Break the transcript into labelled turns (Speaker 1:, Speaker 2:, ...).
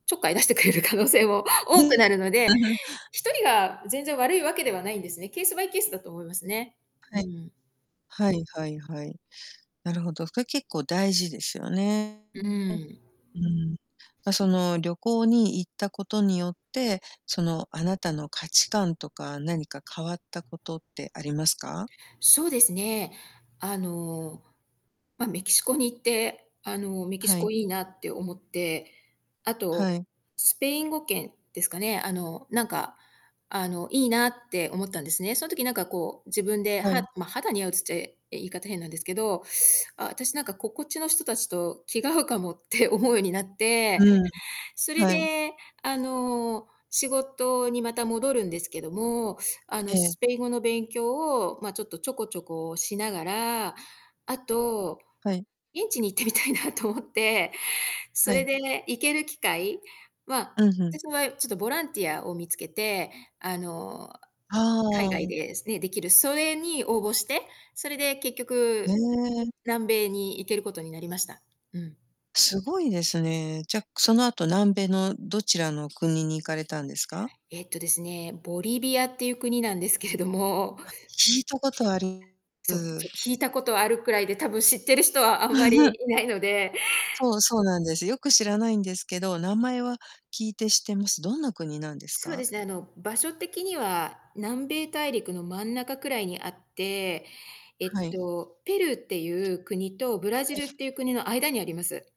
Speaker 1: ちょっかい出してくれる可能性も多くなるので、1人が全然悪いわけではないんですね。ケースバイケースだと思いますね。う
Speaker 2: はい。
Speaker 1: ん。
Speaker 2: はいはいはい。なるほど。これ結構大事ですよね。
Speaker 1: う
Speaker 2: ん、う
Speaker 1: ん。
Speaker 2: ん。ま、その、旅行に行ったことによって、その、あなたの価値観とか、何か変わったことってありますか？
Speaker 1: そうですね。あの、ま、メキシコに行って、あのメキ
Speaker 2: は
Speaker 1: シコ
Speaker 2: い。
Speaker 1: いいなって思って、あと、
Speaker 2: はい。
Speaker 1: スペイン語圏ですかね。あのなんか、あのいいなって思ったんですね。その時なんかこう自分で
Speaker 2: は
Speaker 1: は
Speaker 2: い。
Speaker 1: ま、肌に合うつってい言い方変なんですけど、あ、私なんかここっちの人たちと気が合うかもって思うようになっ
Speaker 2: う
Speaker 1: て、
Speaker 2: んう
Speaker 1: そ
Speaker 2: ん
Speaker 1: れ
Speaker 2: はい。
Speaker 1: で、あの、仕事にまた戻るんですけども、あ
Speaker 2: え
Speaker 1: の
Speaker 2: え。
Speaker 1: スペイン語の勉強を、ま、ちょっとちょこちょこしながら、あと、
Speaker 2: はい。
Speaker 1: 現地に行ってみたいなと思って、そ
Speaker 2: は
Speaker 1: れ
Speaker 2: い。
Speaker 1: で行ける機会ま、
Speaker 2: うん、ふん。
Speaker 1: 私はちょっとボランティアを見つけて、あの、
Speaker 2: は
Speaker 1: 海外
Speaker 2: あ。
Speaker 1: で、すね、できる、それに応募して、それで結
Speaker 2: ね
Speaker 1: 局
Speaker 2: え。
Speaker 1: 南米に行けることになりました。うん。
Speaker 2: すごいですね。じゃ、その後南米のどちらの国に行かれたんですか？
Speaker 1: えっとですね、ボリビアっていう国なんですけれども
Speaker 2: あ、聞いたことあり
Speaker 1: そ
Speaker 2: す。
Speaker 1: ちょっ聞いたことあるくらいで、多分知ってる人はあんまり いないので
Speaker 2: そう、そうなんです。よく知らないんですけど、名前は聞いて知ってます。どんな国なんです
Speaker 1: そうで
Speaker 2: か？
Speaker 1: すね、あの場所的には南米大陸の真ん中くらいにあって、え
Speaker 2: は
Speaker 1: っ
Speaker 2: い。
Speaker 1: と、ペルーっていう国とブラジ
Speaker 2: はい。
Speaker 1: ルっていう国の間にあります。